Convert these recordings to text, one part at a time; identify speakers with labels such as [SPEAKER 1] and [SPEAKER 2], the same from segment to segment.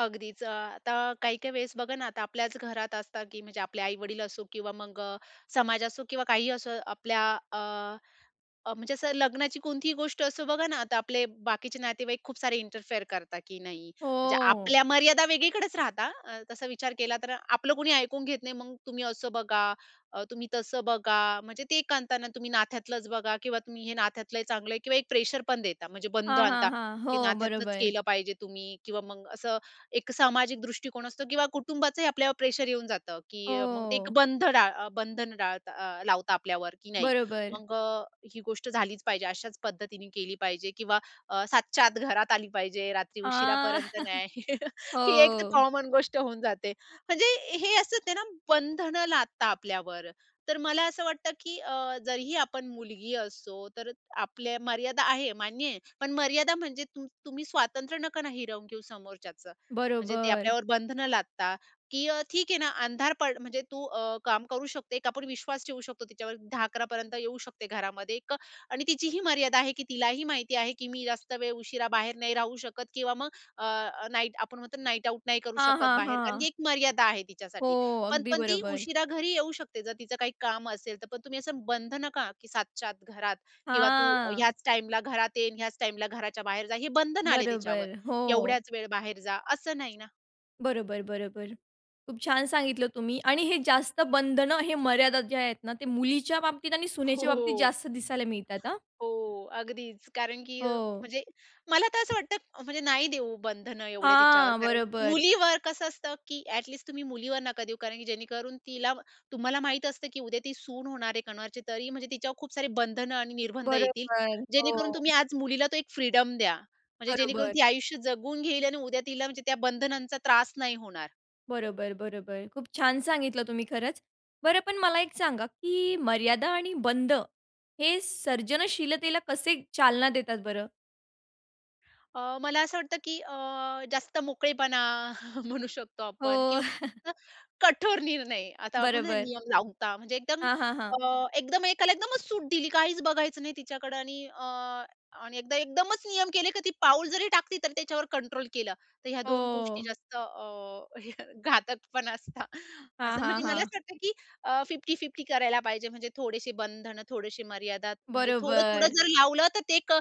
[SPEAKER 1] अगदीच. अ, आता काही-काही वेळेस बघा ना, आता आपल्याच घरात असतात, की म्हणजे आपले आई-वडील असो किंवा मग अ, समाज असो किंवा काहीही असो, आपल्या अ, अ, म्हणजे असं लग्नाची कोणतीही गोष्ट असो बघा ना, आता आपले बाकीचे नातेवाईक खूप सारे इंटरफेअर करतात की नाही. म्हणजे
[SPEAKER 2] हो.
[SPEAKER 1] आपल्या मर्यादा वेगळीकडेच राहतात, अ, तस विचार केला तर, आपलं कुणी ऐकून घेत नाही. "मग तुम्ही असं बघा, अ, तुम्ही तसं बघा." म्हणजे ते आणता ना तुम्ही नात्यातलंच बघा किंवा तुम्ही हे नात्यातल चांगल आहे किवा एक प्रेशर पण देता, म्हणजे बंध
[SPEAKER 2] हां, हां,
[SPEAKER 1] आणता.
[SPEAKER 2] हां,
[SPEAKER 1] ते
[SPEAKER 2] हो,
[SPEAKER 1] नात्यातलच
[SPEAKER 2] बरोबर.
[SPEAKER 1] केलं पाहिजे तुम्ही किंवा मग असं एक सामाजिक दृष्टिकोन असतो किंवा कुटुंबाचंही आपल्यावर प्रेशर येऊन जातं, की मग ते
[SPEAKER 2] हो.
[SPEAKER 1] बंध डाळ बंधन डाळता अ, लावता आपल्यावर की नाही
[SPEAKER 2] बरोबर.
[SPEAKER 1] मग अ, ही गोष्ट झालीच पाहिजे. अशाच पद्धतीने केली पाहिजे किंवा अ, 7:00 च्या आत घरात आली पाहिजे. रात्री
[SPEAKER 2] हां.
[SPEAKER 1] उशिरापर्यंत नाही. ही एक तर
[SPEAKER 2] हो.
[SPEAKER 1] कॉमन गोष्ट होऊन जाते. म्हणजे हे असच आहे ना बंधन लादता आपल्यावर, तर मला असं वाटतं की अ, जरीही आपण मुलगी असतो, तर आपल्या मर्यादा आहे, मान्य आहे. पण मर्यादा म्हणजे तुम तुम्ही स्वातंत्र्य नका ना, हिरवून घेऊ समोरच्याचं. म्हणजे ते
[SPEAKER 2] बरोबर.
[SPEAKER 1] आपल्यावर बंधनं लादता, की अ, ठीक आहे ना, अंधार पड म्हणजे तू अ, काम करू शकते, की आपण विश्वास ठेवू शकतो तिच्यावर 10:00-11:00 पर्यंत येऊ शकते घरामध्ये एक आणि तिचीही मर्यादा आहे, की तिलाही माहिती आहे, की मी जास्त वेळ उशिरा बाहेर नाही राहू शकत किंवा मग अ, नाईट आपण म्हणतो ना, नाईट आउट नाही करू
[SPEAKER 2] हां,
[SPEAKER 1] शकत
[SPEAKER 2] हां,
[SPEAKER 1] बाहेर. कारण ती
[SPEAKER 2] हां.
[SPEAKER 1] एक मर्यादा आहे तिच्यासाठी
[SPEAKER 2] हो,
[SPEAKER 1] पण
[SPEAKER 2] अगदी
[SPEAKER 1] पण ती
[SPEAKER 2] बरोबर.
[SPEAKER 1] उशिरा घरी येऊ शकते, जर तिचं काही काम असेल तर. पण तुम्ही असं बंधन का? की 7:00 च्या आत घरात किंवा "तू
[SPEAKER 2] हां.
[SPEAKER 1] ह्याच टाईमला घरात ये, ह्याच टाईमला घराच्या बाहेर जा," हे बंधन आले तिच्यावर,
[SPEAKER 2] बरोबर, हो.
[SPEAKER 1] "एवढ्याच वेळ बाहेर जा," असं नाही ना.
[SPEAKER 2] बरोबर, बरोबर. खूप छान सांगितलं तुम्ही. आणि हे जास्त बंधन हे मर्यादा जे आहेत ना, ते मुलीच्या बाबतीत आणि सुनेच्या बाबतीत
[SPEAKER 1] हो.
[SPEAKER 2] जास्त दिसायला मिळतात हां.
[SPEAKER 1] हो, अगदीच. कारण की
[SPEAKER 2] हो.
[SPEAKER 1] म्हणजे मला तर असं वाटतं, म्हणजे नाही देऊ बंधन एवढे तिच्यावर,
[SPEAKER 2] हां,
[SPEAKER 1] कारण
[SPEAKER 2] बरोबर.
[SPEAKER 1] मुलीवर कसं असतं, की ॲट लिस्ट तुम्ही मुलीवर नका देऊ, कारण की जेणेकरून तिला तुम्हाला माहीत असतं की उद्या ती सून होणार आहे कोणाची तरी म्हणजे तिच्यावर खूप सारी बंधनं आणि निर्बंध येतील.
[SPEAKER 2] बरोबर.
[SPEAKER 1] जेणेकरून तुम्ही
[SPEAKER 2] हो.
[SPEAKER 1] आज मुलीला तो एक फ्रीडम द्या, म्हणजे जेणेकरून
[SPEAKER 2] बरोबर.
[SPEAKER 1] ती आयुष्य जगून घेईल आणि उद्या तिला म्हणजे त्या बंधनांचा त्रास नाही होणार.
[SPEAKER 2] बरोबर, बरोबर. खूप छान सांगितलं तुम्ही खरंच. बरं, पण मला एक सांगा की मर्यादा आणि बंध हे सर्जनशीलतेला कसे चालना देतात बरं?
[SPEAKER 1] अ, मला असं वाटतं की अ, जास्त मोकळेपणा म्हणू शकतो आपण
[SPEAKER 2] हो.
[SPEAKER 1] किंवा कठोर निर्णय. आता आपण
[SPEAKER 2] बरोबर.
[SPEAKER 1] नियम लावता म्हणजे एकदम
[SPEAKER 2] हां, हां, हां.
[SPEAKER 1] अ, एकदम एकाला एकदमच सूट दिली काहीच बघायचं नाही तिच्याकडे आणि अ, आणि एकदा एकदमच नियम केले की ती पाऊल जरी टाकती, तर त्याच्यावर कंट्रोल केलं, तर ह्या 2 गोष्टी
[SPEAKER 2] हो.
[SPEAKER 1] जास्त अ, हे घातक पण असतात.
[SPEAKER 2] हां,
[SPEAKER 1] असं
[SPEAKER 2] हां,
[SPEAKER 1] म्हणजे मला
[SPEAKER 2] हां.
[SPEAKER 1] असं वाटतं की अ, 50-50 करायला पाहिजे, म्हणजे थोडेसे बंधन थोडेसे मर्यादा. म्हणजे थोडं, थोडं
[SPEAKER 2] बरोबर.
[SPEAKER 1] जर लावलं, तर ते एक अ,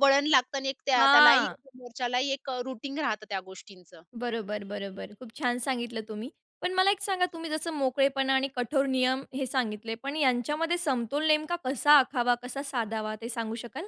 [SPEAKER 1] वळण लागतं आणि त्या त्यालाही
[SPEAKER 2] हां.
[SPEAKER 1] मोर्चालाही एक अ, रुटीग राहतं त्या गोष्टींचं.
[SPEAKER 2] बरोबर, बरोबर. खूप छान सांगितलं तुम्ही. पण मला एक सांगा, तुम्ही जसं मोकळेपणा आणि कठोर नियम हे सांगितले, पण यांच्यामध्ये समतोल नेमका कसा आखावा, कसा साधावा ते सांगू शकाल?